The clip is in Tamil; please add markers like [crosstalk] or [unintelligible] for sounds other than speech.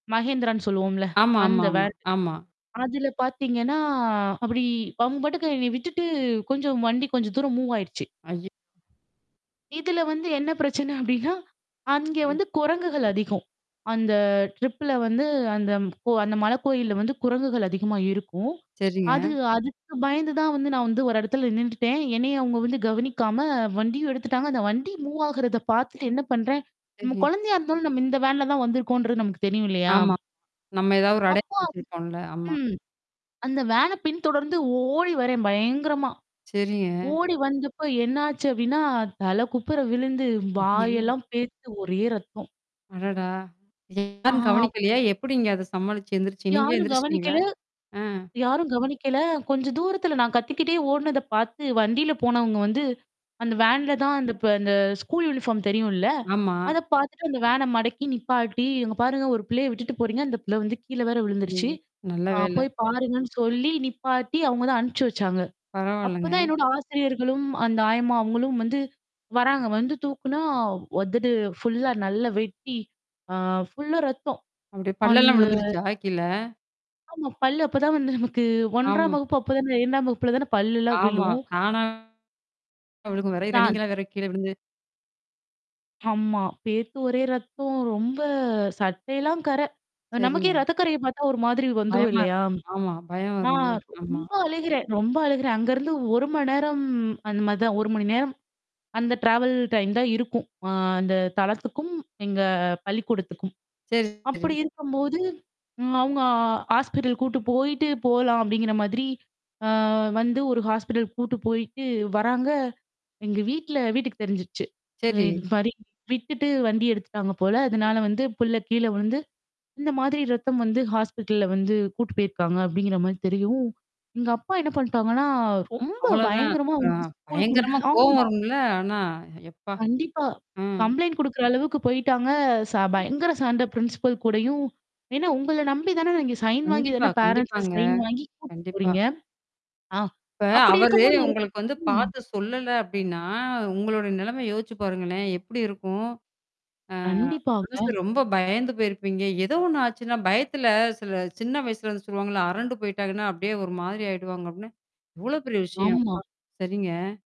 Mahindraன்னு சொல்லுவோம்ல, ஆமா, அந்த ஆமா, ஆமா, வேன். ஆமா. அதுல பாத்தீங்கன்னா அப்படி அவங்க பாட்க்கு என்னை விட்டுட்டு கொஞ்சம் வண்டி கொஞ்ச தூரம் மூவ் ஆயிருச்சு. ஐய இதுல வந்து என்ன பிரச்சனை அப்படின்னா அங்க வந்து குரங்குகள் அதிகம். அந்த ட்ரிப்ல வந்து, அந்த கோ அந்த மலைக்கோயில்ல வந்து குரங்குகள் அதிகமா இருக்கும். சரிங்க. அது அதுக்கு பயந்து தான் வந்து, நான் வந்து ஒரு இடத்துல நின்னுட்டேன். என்னைய அவங்க வந்து கவனிக்காம, வண்டியும் எடுத்துட்டாங்க. அந்த வண்டி மூவ் ஆகுறத பாத்துட்டு என்ன பண்றேன், நம்ம [unintelligible] குழந்தையா இருந்தாலும் நம்ம இந்த வேன்ல தான் வந்திருக்கோம்ன்றது நமக்கு தெரியும் இல்லையா? ஆமா, நம்ம ஏதாவது ஒரு அப்போ அடையாளம் அவங் வெச்சிருகக்கிறோம்ல்ல, ஆமா. ம். அந்த வேனை பின்தொடர்ந்து ஓடி வர்றேன் பயங்கரமா. சரிங்க. ஓடி வந்தப்ப என்னாச்சு அப்படின்னா, தலை குப்புற விழுந்து, அய்யய்யோ! வாயெல்லாம் பேத்து, ஒரே ரத்தம். அடடா! யாரும் ஆ கவனிக்கலையா? எப்படிங்க அது சம்மளிச்சு எந்திரிச்சு நீங்களே யாரும் எந்திரிச்சுட்டீங்களா? கவனிக்கல ஆ. யாரும் கவனிக்கல, கொஞ்ச தூரத்துல நான் கத்திக்கிட்டே ஓடுனத பாத்து வண்டில போனவங்க வந்து, அந்த வேன்ல தான் அந்த ப அந்த ஸ்கூல் யூனிஃபார்ம் தெரியும் இல்ல? ஆமா. அதை பாத்துட்டு அந்த வேனை மடக்கி நிப்பாட்டி, இங்க பாருங்க, ஒரு பிள்ளைய விட்டுட்டு போறீங்க, அந்த பிள்ள வந்து கீழ வேற விழுந்துருச்சு, அய்யய்யோ! நல்ல ஆ, வேலை. போய் பாருங்கன்னு சொல்லி நிப்பாட்டி அவங்க தான் அனுப்பிச்சு வச்சாங்க. பரவாயில்லங்க. அப்பதான் என்னோட ஆசிரியர்களும் அந்த ஆயம்மா அவங்களும் வந்து வர்றாங்க. வந்து தூக்குனா உதடு ஃபுல்லா நல்லா வெட்டி, அ, ஃபுல்லா ரத்தம். அப்படி பல்லெல்லாம் அந்த விழுந்துருச்சா கீழ? ஆமா, பல்லு அப்பதான் வந்து நமக்கு ஆம். 1ம் வகுப்பு, அப்பதான் 2ம் வகுப்புல தான பல்லெல்லாம் ஆமா. விழும். தானா விழுகும் வரையில, தான் நீங்களா வேற கீழே விழுந்து ஆமா, பேத்து ஒரே ரத்தம். ரொம்ப சட்டையெல்லாம் கரை. நமக்கே செரிங்க. ரத்தக்கரைய பாத்தா ஒரு மாதிரி வந்துரும் பயமா இல்லையா? இருக்கும், ஆமா. பயம் நான் வரும்ல? ஆமா. ரொம்ப அழுகிறேன், ரொம்ப அழுகிறேன் அங்கேருந்து 1 மணி நேரம் அந்த மாதிரிதான். 1 மணி நேரம் அந்த ட்ராவல் டைம் தான் இருக்கும். ஆ, அந்த தளத்துக்கும் எங்க பள்ளிக்கூடத்துக்கும். செரி, செரி. அப்படி இருக்கும்போது, அவங்க, ஆ ஹாஸ்பிட்டல் கூட்டு போயிட்டு போகலாம் அப்படிங்கிற மாதிரி ஆ, வந்து ஒரு ஹாஸ்பிட்டல் கூட்டு போயிட்டு வர்றாங்க, எங்க வீட்ல வீட்டுக்கு தெரிஞ்சிருச்சு. செரி. இந்த மாதிரி விட்டுட்டு வண்டி எடுத்துட்டாங்க போல, அதனால வந்து பிள்ளை கீழே விழுந்து, இந்த மாதிரி ரத்தம் வந்து ஹாஸ்பிட்டல்ல வந்து கூட்டு போயிருக்காங்க அப்படிங்கிற மாதிரி தெரியவும் எங்க அப்பா என்ன பண்ணிட்டாங்கன்னா, ரொம்ப அவ்ளோதான், பயங்கரமா ஆ, வந்து, ஸ்கூல் கூட பயங்கரமா கோவம் ஆமா. வரும்ல? ஆனா, எப்பா! கண்டிப்பா. ம். கம்ப்ளைண்ட் குடுக்குற அளவுக்கு போயிட்டாங்க. ச ஐயோ! பயங்கர சண்ட பிரின்சிபல் கூடயும். ஏன்னா, உங்கள நம்பிதானே நீங்க சைன் வாங்கி கண்டிப்பா, தானே பேரன்ட்ஸிட்ட கண்டிப்பாங்க, சைன் வாங்கி கூட்டிட்டு கண்டிப்பா. போறீங்க ஆ, இப்ப அப்படி அவரு இருக்கும்போது, ஒரு உங்களுக்கு வந்து ம். பார்த்து சொல்லல அப்படின்னா, உங்களோட நிலைமை யோசிச்சு பாருங்களேன், எப்படி இருக்கும்? ஆ. மனசு கண்டிப்பாங்க. ரொம்ப பயந்து போயிருப்பீங்க. ஏதோ ஒண்ணு ஆச்சுன்னா, பயத்துல சில சின்ன வயசுல அது சொல்லுவாங்கல்ல, அரண்டு போய்ட்டாங்கன்னா அப்படியே ஒரு மாதிரி ஆயிடுவாங்க அப்படின்னு, எவ்ளோ பெரிய விஷயம்! ஆமா. அப்பா! சரிங்க.